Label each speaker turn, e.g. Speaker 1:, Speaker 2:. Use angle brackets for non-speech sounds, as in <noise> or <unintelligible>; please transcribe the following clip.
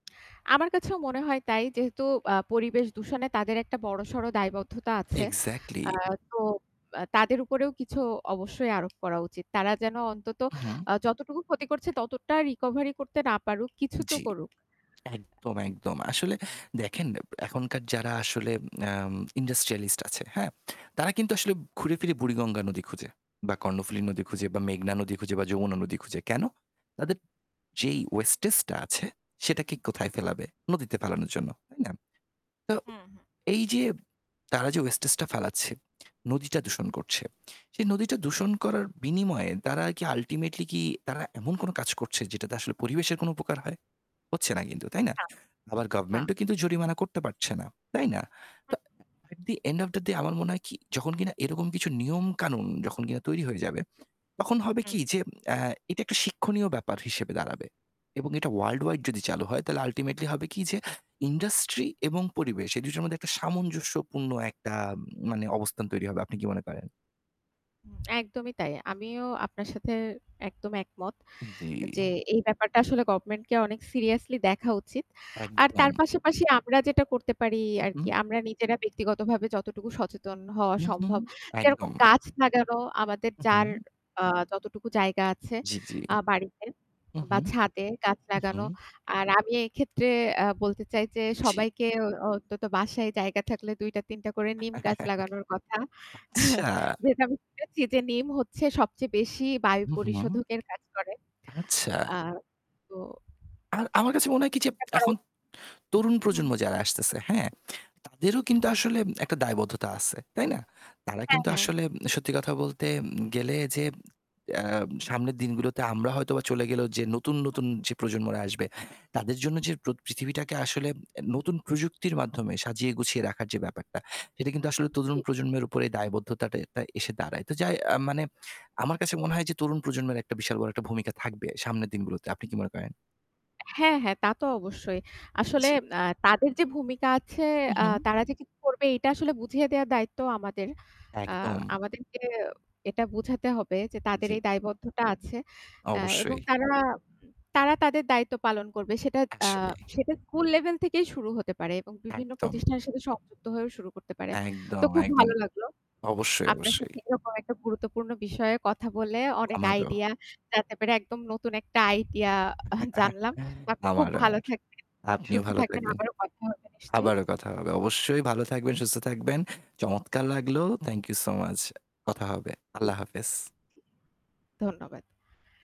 Speaker 1: <clicks tongue> আমার কাছেও মনে হয় তাই, যেহেতু আ পরিবেশ দূষণে তাদের একটা বড়সড় দায়বদ্ধতা আছে।
Speaker 2: এক্সাক্টলি।
Speaker 1: আ তো আ তাদের উপরেও কিছু অবশ্যই আরোপ করা উচিত। তারা যেন অন্তত
Speaker 2: উ হুম।
Speaker 1: আ যতটুকু ক্ষতি করছে ততটা রিকভারি করতে না পারুক, কিছু তো
Speaker 2: জ্বি।
Speaker 1: করুক।
Speaker 2: একদম, একদম। আসলে দেখেন এখনকার যারা আসলে আম ইন্ডাস্ট্রিয়ালিস্ট আছে, হ্যাঁ, তারা কিন্তু আসলে ঘুরেফিরে বুড়িগঙ্গা নদী খুঁজে বা কর্ণফুলী নদী খুঁজে বা মেঘনা নদী খুঁজে বা যমুনা নদী খুঁজে। কেন? তাদের যেই ওয়েস্টেজ টা আছে, সেটাকে
Speaker 1: <unintelligible>
Speaker 2: কোথায় ফেলাবে? নদীতে ফালানোর জন্য। তাই না? তো,
Speaker 1: হুম, হুম।
Speaker 2: এই যে, তারা যে ওয়েস্টেজ টা ফেলাচ্ছে, নদীটা দূষণ করছে। সেই নদীটা দূষণ করার বিনিময়ে তারা কি আল্টিমেটলি কি তারা এমন কোনো কাজ করছে যেটাতে আসলে পরিবেশের কোন উপকার হয়? হচ্ছে না কিন্তু। তাই না?
Speaker 1: হ্যাঁ।
Speaker 2: আবার
Speaker 1: না।
Speaker 2: গভর্নমেন্ট ও কিন্তু জরিমানা করতে পারছে না। তাই না? তো
Speaker 1: হুম।
Speaker 2: এট ডি এন্ড ওফ ডা ডে আমার মনে হয় কি, যখন কিনা এরকম কিছু নিয়মকানুন যখন কিনা তৈরি হয়ে যাবে তখন হবে
Speaker 1: হু, হুম।
Speaker 2: কি যে আ এটা একটা শিক্ষণীয় ব্যাপার হিসেবে দাঁড়াবে। এবং এটা ওয়ার্লড ওয়াইড যদি চালু হয় তাহলে আল্টিমেটলি হবে কি যে ইন্ডাস্ট্রি এবং পরিবেশ এই ২ টোর মধ্যে একটা সামঞ্জস্যপূর্ণ একটা মানে অবস্থান তৈরি হবে। আপনি কি মনে করেন?
Speaker 1: একদমই তাই। আমিও আপনার সাথে একদম একমত যে
Speaker 2: জ্বি।
Speaker 1: এই ব্যাপারটা আসলে গভর্নমেন্ট কে অনেক সিরিয়াসলি দেখা উচিত। আর তার
Speaker 2: একদম।
Speaker 1: পাশাপাশি আমরা যেটা করতে পারি
Speaker 2: হুম, হুম।
Speaker 1: আরকি, আমরা নিজেরা ব্যক্তিগতভাবে যতটুকু সচেতন হওয়া
Speaker 2: হু, হু।
Speaker 1: সম্ভব, যেরকম
Speaker 2: একদম।
Speaker 1: গাছ লাগানো আমাদের
Speaker 2: হু,
Speaker 1: যার
Speaker 2: হু।
Speaker 1: আ যতটুকু জায়গা আছে
Speaker 2: জ্বি, জ্বি।
Speaker 1: আ বাড়িতে
Speaker 2: হু, হু।
Speaker 1: বা ছাদে গাছ লাগানো।
Speaker 2: হুম।
Speaker 1: আর আমি এক্ষেত্রে আ বলতে চাই যে
Speaker 2: জি।
Speaker 1: সবাইকে অই অন্তত বাসায় জায়গা থাকলে ২-৩ টা করে নিম
Speaker 2: <laughs>
Speaker 1: গাছ লাগানোর কথা। <chuckles>
Speaker 2: আচ্ছা।
Speaker 1: যেটা আমি শুনেছি যে নিম হচ্ছে সবচেয়ে বেশি বায়ু
Speaker 2: হু, হু।
Speaker 1: পরিশোধকের কাজ করে।
Speaker 2: আচ্ছা।
Speaker 1: আ তো
Speaker 2: আর আমার কাছে মনে হয় কি যে,
Speaker 1: এটা করা উ
Speaker 2: এখন তরুণ
Speaker 1: হুম।
Speaker 2: প্রজন্ম যারা আসতেছে হ্যাঁ, তাদেরও
Speaker 1: হুম,
Speaker 2: কিন্তু
Speaker 1: হুম।
Speaker 2: আসলে একটা দায়বদ্ধতা আছে। তাই না? তারা
Speaker 1: হ্যাঁ,
Speaker 2: কিন্তু
Speaker 1: হ্যাঁ।
Speaker 2: আসলে সত্যি কথা বলতে উম গেলে যে আ সামনের দিনগুলোতে আমরা হয়তোবা চলে গেলেও যে নতুন, নতুন যে প্রজন্মরা আসবে তাদের জন্য
Speaker 1: হুম।
Speaker 2: যে প্র পৃথিবীটাকে আসলে আ নতুন প্রযুক্তির মাধ্যমে সাজিয়ে গুছিয়ে রাখার যে ব্যাপারটা সেটা কিন্তু আসলে তরুণ
Speaker 1: জী।
Speaker 2: প্রজন্মের উপরে দায়বদ্ধতাটা টা এসে দাঁড়ায়। তো যাই আ মানে আমার কাছে মনে হয় যে তরুণ প্রজন্মের একটা বিশাল বড় একটা ভূমিকা থাকবে সামনের দিনগুলোতে। আপনি কি মনে করেন?
Speaker 1: হ্যাঁ, হ্যাঁ। তা তো অবশ্যই। আসলে
Speaker 2: জ্বি।
Speaker 1: আ তাদের যে ভূমিকা আছে
Speaker 2: হু,
Speaker 1: আ
Speaker 2: হু।
Speaker 1: তারা যে কি করবে এটা আসলে বুঝিয়ে দেওয়ার দায়িত্ব আমাদের। আ
Speaker 2: একদম।
Speaker 1: আমাদেরকে এটা বুঝাতে হবে যে, তাদের
Speaker 2: জ্বি।
Speaker 1: এই দায়বদ্ধতা আছে। আ এবং
Speaker 2: অবশ্যই।
Speaker 1: তারা, তারা উম তাদের দায়িত্ব পালন করবে। সেটা আ
Speaker 2: আসলেই।
Speaker 1: সেটা স্কুল লেভেল থেকেই শুরু হতে পারে এবং বিভিন্ন
Speaker 2: একদম।
Speaker 1: প্রতিষ্ঠানের সাথে সংযুক্ত হয়েও শুরু করতে পারে। তো
Speaker 2: একদম,
Speaker 1: খুব
Speaker 2: একদম।
Speaker 1: ভালো লাগলো।
Speaker 2: অবশ্যই,
Speaker 1: আপনার
Speaker 2: অবশ্যই।
Speaker 1: সাথে এরকম একটা গুরুত্বপূর্ণ বিষয়ে কথা বলে অনেক
Speaker 2: আমারও।
Speaker 1: আইডিয়া জানতে পেরে একদম নতুন একটা আইডিয়া <laughs>
Speaker 2: <laughs>
Speaker 1: জানলাম। তো আপনি খুব
Speaker 2: আমারও
Speaker 1: ভালো
Speaker 2: আর।
Speaker 1: থাকবেন,
Speaker 2: আপনিও
Speaker 1: সুস্থ
Speaker 2: ভালো
Speaker 1: থাকবেন।
Speaker 2: থাকবেন।
Speaker 1: আবারও কথা হবে নিশ্চয়ই।
Speaker 2: আবারো কথা হবে। অবশ্যই ভালো থাকবেন, সুস্থ থাকবেন। চমৎকার লাগলেও থ্যাংক ইউ সো মাচ। কথা হবে।
Speaker 1: জী।
Speaker 2: আল্লাহ হাফেজ।
Speaker 1: ধন্যবাদ।